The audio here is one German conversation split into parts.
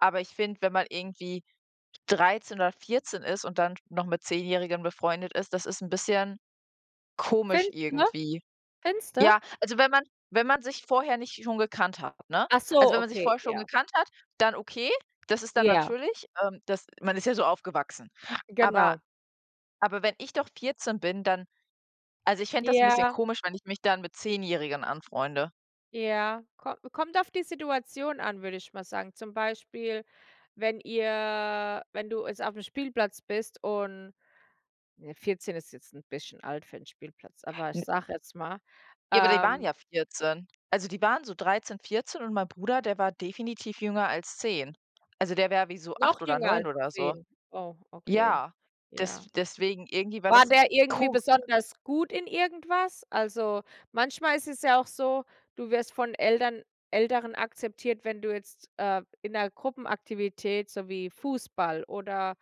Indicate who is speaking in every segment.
Speaker 1: Aber ich finde, wenn man irgendwie 13 oder 14 ist und dann noch mit zehnjährigen befreundet ist, das ist 'n bisschen komisch
Speaker 2: Find ne?
Speaker 1: irgendwie.
Speaker 2: Findest du?
Speaker 1: Ja, also wenn man wenn man sich vorher nicht schon gekannt hat, ne?
Speaker 2: Ach
Speaker 1: Also,
Speaker 2: so,
Speaker 1: wenn man sich
Speaker 2: okay,
Speaker 1: vorher schon
Speaker 2: ja.
Speaker 1: gekannt hat, dann okay, das ist dann
Speaker 2: Ja.
Speaker 1: natürlich ähm, das man ist ja so aufgewachsen. Aber
Speaker 2: Genau.
Speaker 1: aber wenn ich doch 14 bin, dann also, ich fände das 'n bisschen
Speaker 2: Ja.
Speaker 1: komisch, wenn ich mich dann mit zehnjährigen anfreunde.
Speaker 2: Ja. Ko kommt auf die Situation an, würde ich mal sagen. Zum Beispiel, wenn ihr wenn du jetzt aufm Spielplatz bist und ne, 14 ist jetzt 'n bisschen alt für 'n Spielplatz, aber ich
Speaker 1: N
Speaker 2: sage jetzt mal
Speaker 1: Ja, aber die waren
Speaker 2: ähm
Speaker 1: ja 14. Also, die waren so 13, 14 und mein Bruder, der war definitiv jünger als 10. Also, der wär wie so
Speaker 2: Noch
Speaker 1: 8 oder
Speaker 2: jünger
Speaker 1: 9
Speaker 2: als
Speaker 1: oder so.
Speaker 2: 10? Oh, okay.
Speaker 1: Ja, des
Speaker 2: Ja.
Speaker 1: deswegen irgendwie war
Speaker 2: War
Speaker 1: das
Speaker 2: der irgendwie
Speaker 1: ko
Speaker 2: besonders gut in irgendwas? Also, manchmal ist es ja auch so, du wirst von Ältern Älteren akzeptiert, wenn du jetzt, äh, in 'ner Gruppenaktivität so wie Fußball oder,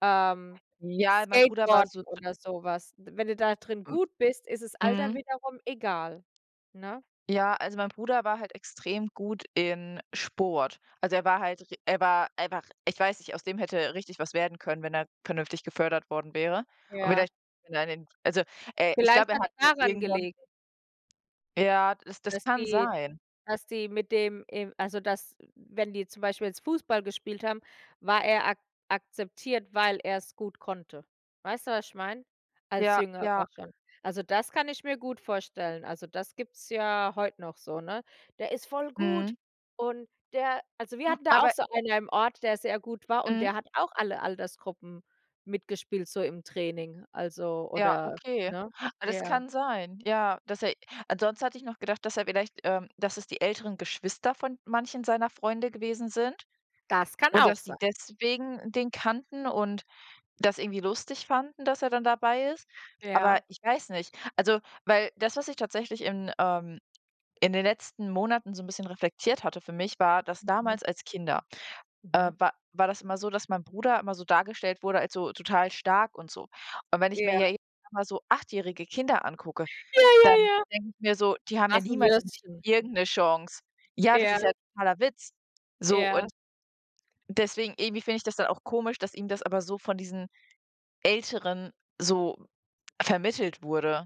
Speaker 2: ähm,
Speaker 1: Ja, mein Bruder war so
Speaker 2: Skateboarden
Speaker 1: d
Speaker 2: oder so was w wenn du da drin
Speaker 1: M
Speaker 2: gut bist, isses Alter
Speaker 1: mhm.
Speaker 2: wiederum egal, ne?
Speaker 1: Ja, also mein Bruder war halt extrem gut in Sport. Also, er war halt ri er war einfach ich weiß nicht, aus dem hätte richtig was werden können, wenn er vernünftig gefördert worden wäre. Und
Speaker 2: Ja.
Speaker 1: vielleicht, wenn er an dem also, äh, ich
Speaker 2: Vielleicht
Speaker 1: glaube, er
Speaker 2: hat's
Speaker 1: hat halt
Speaker 2: daran
Speaker 1: irgendwann
Speaker 2: gelegen
Speaker 1: Ja, das das
Speaker 2: dass
Speaker 1: kann
Speaker 2: die
Speaker 1: sein.
Speaker 2: dass die mit dem e also dass, wenn die zum Beispiel jetzt Fußball gespielt haben, war er ak akzeptiert, weil er's gut konnte. Weißt du, was ich meine? Als
Speaker 1: Ja
Speaker 2: Jüngerer
Speaker 1: ja.
Speaker 2: schon. Also, das kann ich mir gut vorstellen. Also, das gibt's ja heut noch so, ne? „Der ist voll gut!
Speaker 1: Mhm.
Speaker 2: Und der“ Also, wir hatten da auch
Speaker 1: Aber
Speaker 2: so einer im Ort, der sehr gut war, und
Speaker 1: Mhm.
Speaker 2: der hat auch alle Altersgruppen mitgespielt so im Training also,
Speaker 1: Ja,
Speaker 2: oder
Speaker 1: okay,
Speaker 2: ne?
Speaker 1: das
Speaker 2: Ja.
Speaker 1: kann sein. Ja. Dass er ansonsten hatte ich noch gedacht, dass er vielleicht, ähm dass es die älteren Geschwister von manchen seiner Freunde gewesen sind,
Speaker 2: Das kann
Speaker 1: und,
Speaker 2: auch
Speaker 1: dass die
Speaker 2: sein.
Speaker 1: deswegen den kannten, und das irgendwie lustig fanden, dass er dann dabei ist. Aber
Speaker 2: Ja.
Speaker 1: ich weiß nicht also, weil, das was ich tatsächlich in ähm, in den letzten Monaten so 'n bisschen reflektiert hatte für mich, war, dass
Speaker 2: Mhm.
Speaker 1: damals als Kinder, äh,
Speaker 2: Mhm.
Speaker 1: wa war das immer so, dass mein Bruder immer so dargestellt wurde als so total stark und so. Und wenn ich mir
Speaker 2: Ja.
Speaker 1: ja jetzt mal so achtjährige Kinder angucke,
Speaker 2: Ja ja
Speaker 1: dann
Speaker 2: ja.
Speaker 1: denke ich mir so: „Die haben ja
Speaker 2: Was 'n
Speaker 1: niemals im Leben
Speaker 2: Würstchen.
Speaker 1: irgend 'ne Chance.“ Ja, das
Speaker 2: Ja.
Speaker 1: ist ja 'n totaler Witz! So,
Speaker 2: Ja.
Speaker 1: und deswegen irgendwie finde ich das dann auch komisch, dass ihm das aber so von diesen Älteren so vermittelt wurde.